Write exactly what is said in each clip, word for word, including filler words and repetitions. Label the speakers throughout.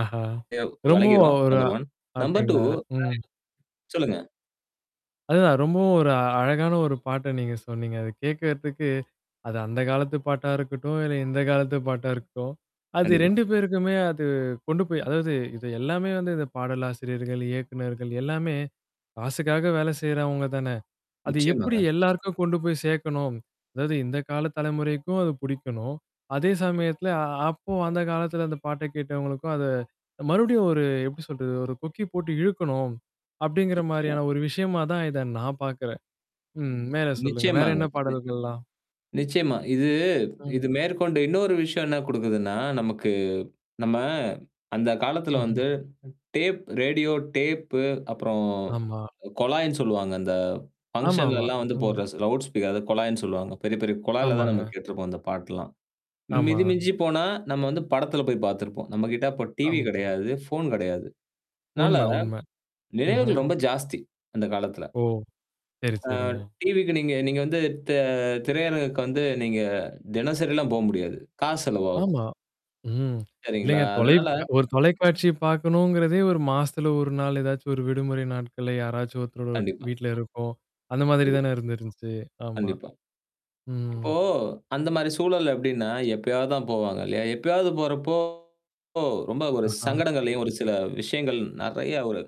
Speaker 1: ஆஹா!
Speaker 2: தேவ்
Speaker 1: ரொம்ப
Speaker 2: விலகிறும்
Speaker 1: ஒரு
Speaker 2: number one, number two
Speaker 1: அப்பிடிங்களா.
Speaker 2: ஆ,
Speaker 1: ம்.
Speaker 2: சொல்லுங்க.
Speaker 1: அதுதான் ரொம்பவும் ஒரு அ அழகான ஒரு பாட்ட நீங்க சொன்னீங்க. அத கேட்கிறதுக்கு, அது அந்த காலத்து பாட்டா இருக்கட்டும், இல்ல இந்த காலத்து பாட்டா இருக்கட்டும், அது
Speaker 2: கண்டிப்பா.
Speaker 1: ரெண்டு பேருக்குமே அது கொண்டு போய் அதாவது, இது எல்லாமே வந்து இந்த பாடலாசிரியர்கள், இயக்குனர்கள் எல்லாமே காசுக்காக வேல செய்றவங்க தானே! அது எப்பிடி
Speaker 2: நிச்சியமாங்க.
Speaker 1: எல்லாருக்கும் கொண்டு போய் சேக்கணும் அதாவது இந்த கால தலைமுறைக்கும் அது புடிக்கணும், அதே
Speaker 2: கண்டிப்பா.
Speaker 1: சமயத்தில, அ, அப்போ
Speaker 2: ஆ.
Speaker 1: அந்த காலத்தில அந்த பாட்ட கேட்டவங்களுக்கும் அத மறுபடியும், ஒரு எப்பிடி சொல்றது? ஒரு கொக்கி போட்டு இழுக்கணும். அப்பிடிங்கிற
Speaker 2: நிச்சியமா.
Speaker 1: மாரியான, ஒரு விஷயமா தான் இத நான் பாக்கிறேன். ம். மேல சொல்லுங்க. வேற
Speaker 2: நிச்சயமாங்க.
Speaker 1: என்ன
Speaker 2: [unintelligible]
Speaker 1: பாடல்கள்லாம்?
Speaker 2: நிச்சயமா. இது
Speaker 1: ம்.
Speaker 2: இது மேற்கொண்டு இன்னொரு விஷயம் என்ன குடுக்குதுன்னா, நமக்கு நம்ம அந்த காலத்துல
Speaker 1: ம்ஹ்ம்.
Speaker 2: வந்து டேப் ரேடியோ டேப் அப்புறம்
Speaker 1: ஆமா.
Speaker 2: அ, கொழாய்ன்னு சொல்லுவாங்க. அந்த
Speaker 1: ஆமா, ஆமா.
Speaker 2: ஃபங்ஷன்லலாம் வந்து
Speaker 1: ம்.
Speaker 2: போடுற ஸ் லவுட் ஸ்பீக் அது கொழாய்ன்னு சொல்லுவாங்க. பெரிய, பெரிய கொழால தான் நம்ம
Speaker 1: ஆமாங்க.
Speaker 2: கேட்ருப்போம். அந்த பாட்டெலெல்லாம்.
Speaker 1: ஆமா.
Speaker 2: மிதி மிஞ்சிபோனா, நம்ம வந்து படத்துல போய் பாத்துருப்போம். நம்மக்கிட்ட அப்ப டிவி
Speaker 1: ஆம்.
Speaker 2: கெடையாது, ஃபோன் கெடையாது. அதனால,
Speaker 1: உண்ம, உண்ம. ம்ஹ்ம்.
Speaker 2: நினைவுகள் ரொம்ப ஜாஸ்தி அந்த காலத்துல.
Speaker 1: ஓ! சரி,
Speaker 2: ஆ,
Speaker 1: சரிங்க.
Speaker 2: டிவிக்கு நீங்க, நீங்க வந்து தெ திரையரங்குக்கு வந்து நீங்க தினசரிலாம் போ முடியாது. காசு செலவாகும்.
Speaker 1: ஆமா, ம்.
Speaker 2: செரிங்களா.
Speaker 1: இல்லேங்க தொலைக்
Speaker 2: அதனால
Speaker 1: ஒரு தொலைக்காட்சிய பாக்கணுங்கிறதே, ஒரு மாசத்துல ஒரு நாள் ஏதாச்சும் ஒரு விடுமுறை நாட்கள்ல யாராச்சும் ஒருத்தரோட
Speaker 2: கண்டிப்பா.
Speaker 1: வீட்ல இருக்கும். அந்த மாதிரி
Speaker 2: கண்டிப்
Speaker 1: தானே இருந்து இருந்துச்சு. ஆமா.
Speaker 2: கண்டிப்பா.
Speaker 1: ம்.
Speaker 2: இப்போ அந்தமாரி சூழல் எப்பிடின்னா, எப்பயாவது தான் போவாங்க இல்லயா! எப்பயாவது போறப்போ! ஓ! ரொம்ப ஒரு
Speaker 1: ஆஹா!
Speaker 2: சங்கடங்களையும். ஒரு சில விஷயங்கள் நெறைய ஒரு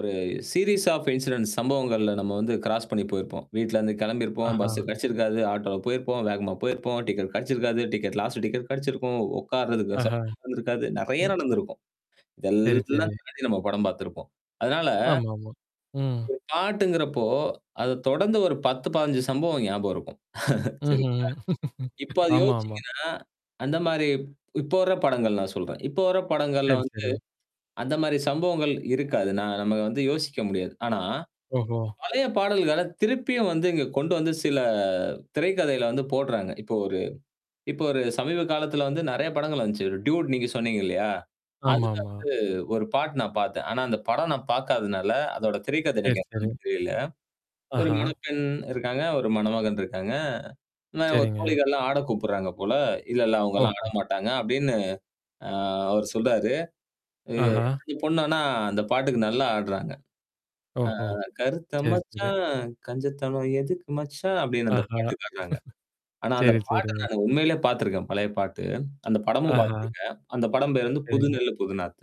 Speaker 2: ஒரு சீரிஸ் ஆஃப் இன்சிடென்ட்ஸ் சம்பவங்கள்ல நம்ம வந்து கிராஸ் பண்ணி போயிருப்போம். வீட்லருந்து கிளம்பிருப்போம்.
Speaker 1: ஆஹா!
Speaker 2: பஸ்சு கெடச்சிருக்காது, ஆட்டோல போயிருப்போம், வேகமா போயிருப்போம், டிக்கெட் கெடச்சிருக்காது, டிக்கெட் லாஸ்ட் டிக்கெட் கெடச்சிருக்கும், உட்கார்றதுக்கு வெச
Speaker 1: ஆஹா!
Speaker 2: நடந்திருக்காது. நெறைய
Speaker 1: ம்.
Speaker 2: நடந்திருக்கும். இது
Speaker 1: சரி,
Speaker 2: எல்லாம்
Speaker 1: சரி.
Speaker 2: தாண்டி, நம்ம படம் பாத்து இருப்போம். அதனால
Speaker 1: ஆமாமா. ம்.
Speaker 2: ஒரு பாட்டுங்கிறப்போ, அத தொடர்ந்து ஒரு பத்து, பதினஞ்சு சம்பவம் ஞாபகம் இருக்கும். செரிங்களா!
Speaker 1: ம்ஹ்ம்.
Speaker 2: இப்ப அத
Speaker 1: ஆமா, ஆமா.
Speaker 2: யோசிச்சுங்கன்னா, அந்தமாரி இப்போ வர்ற படங்கள் நான் சொல்றேன். இப்ப வர்ற படங்கள்ல
Speaker 1: செரி,
Speaker 2: வந்து
Speaker 1: செரி.
Speaker 2: அந்தமாரி சம்பவங்கள் இருக்காது. நான் நம்ம வந்து யோசிக்க முடியாது. ஆனா.
Speaker 1: ஓஹோ!
Speaker 2: பழைய பாடல்கள திருப்பியும் வந்து, இங்க கொண்டு வந்து, சில திரைக்கதையில வந்து போடுறாங்க. இப்போ ஒரு, இப்போ ஒரு சமீப காலத்துல வந்து, நெறைய படங்கள் வந்துச்சு. ஒரு டூட் நீங்க சொன்னீங்க இல்லயா! அதுல
Speaker 1: ஆமாமா.
Speaker 2: வந்து ஒரு பாட்டு நான் பாத்தேன். ஆனா, அந்த படம் நான் பாக்காதனால, அதோட திரை கதை
Speaker 1: செரி,
Speaker 2: எனக்கு
Speaker 1: செரி.
Speaker 2: என்னன்னு புரில ஒரு
Speaker 1: ஆஹா!
Speaker 2: முனைப்பெண் இருக்காங்க. ஒரு மணமகன் இருக்காங்க. ஆனா, அவுங்க
Speaker 1: செரிங்க.
Speaker 2: தோழிகள்லாம் ஆட கூப்புட்றாங்க போல. "இல்ல, இல்ல அவுங்கள்லாம்
Speaker 1: ஓஹோ!
Speaker 2: ஆட மாட்டாங்க" அப்பிடின்னு. ஆ, அவர் சொல்றாரு. இ
Speaker 1: ஆஹா!
Speaker 2: இந்த பொண்ணு ஆனா, அந்த பாட்டுக்கு நல்லா ஆடுறாங்க. ஆ,
Speaker 1: ஓஹோ.
Speaker 2: "கருத்த
Speaker 1: சரி, சரி.
Speaker 2: மச்சான், கஞ்சத்தனம் எதுக்கு மச்சான்"
Speaker 1: ஆஹா!
Speaker 2: அப்பிடின்னு அந்த பாட்டு ஆட்றாங்க. ஆனா, அந்த
Speaker 1: சரி,
Speaker 2: பாட்ட
Speaker 1: சரிங்க.
Speaker 2: நானு உண்மையிலேயே பாத்துருக்கேன். பழைய பாட்டு. அந்த படமும்
Speaker 1: ஆஹா!
Speaker 2: பாத்துருக்கேன். அந்த படம் பேர் வந்து "புது
Speaker 1: சரிங்க.
Speaker 2: நெல்லு புது நாத்து."